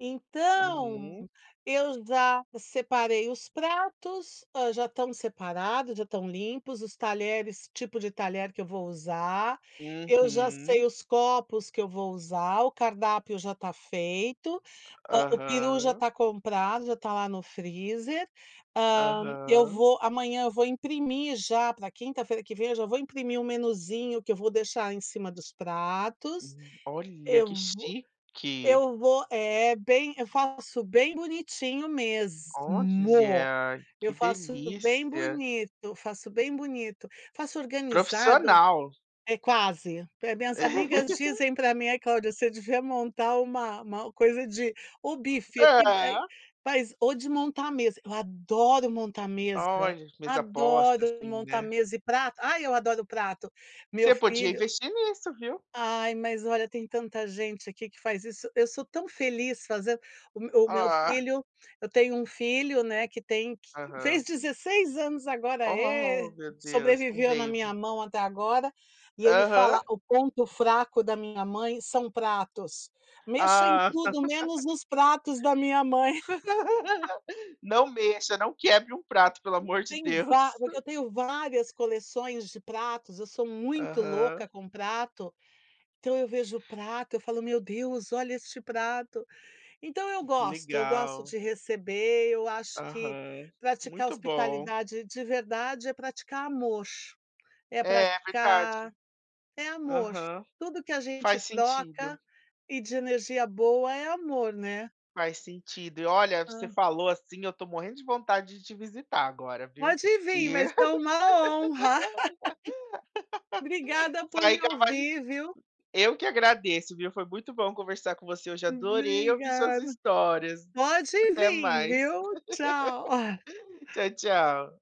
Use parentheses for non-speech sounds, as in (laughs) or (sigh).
Então, Uhum. eu já separei os pratos, já estão separados, já estão limpos, os talheres, tipo de talher que eu vou usar, eu já Uhum. sei os copos que eu vou usar, o cardápio já tá feito, hã, o peru já Aham. tá comprado, já tá lá no freezer, hã, eu Aham. vou amanhã eu vou imprimir, já pra quinta-feira que vem, já vou imprimir um menuzinho que eu vou deixar em cima dos pratos, Hum, olha eu que vou chique. eu vou é bem eu faço bem bonitinho mesmo, Olha eu que faço bem delícia. bonito, faço bem bonito, faço organizado Profissional. é quase, eh, as minhas amigas (laughs) dizem pra mim: “Ai Cláudia, você devia montar uma uma coisa de, ou buffet, É. ou de montar a mesa”, eu adoro montar mesa, Olha, mesa posta adoro assim, montar né? mesa e prato, ai eu adoro prato, meu Você podia filho investir nisso, viu? Ai mas olha tem tanta gente aqui que faz isso, eu sou tão feliz fazendo, o o meu Ah. filho, eu tenho um filho, né, que tem que fez Aham. 16 anos agora Oh, é, meu Deus, um sobreviveu na minha baby. mão até agora, e ele fala Aham. o ponto fraco da minha mãe são pratos, mexa em Ah. tudo menos (laughs) nos pratos da minha mãe. (laughs) (laughs) Não mexa, não quebre um prato pelo amor de Tenho va Deus. porque eu (chuckles) tenho várias coleções de pratos, eu sou muito louca Aham. com prato, então eu vejo prato, eu falo: “Meu Deus, olha este prato!”. Então eu Que gosto, eu gosto legal. de receber, eu acho que Aham, praticar muito bom. hospitalidade de verdade é praticar amor, é É verdade. praticar é amor, Aham. tudo que a gente Faz troca sentido. e de energia boa é amor, né? Faz sentido e olha você Hã. falou assim eu tô morrendo de vontade de te visitar agora viu? Pode vim, E, mas foi uma honra. (laughs) (laughs) Obrigada você por me ainda vai ouvir, viu? Eu que agradeço, viu? Foi muito bom conversar com você, eu já adorei ouvir suas Obrigada. histórias. Pode Até vir, mais. viu? Tchau. (laughs) (chuckles) Tchau tchau.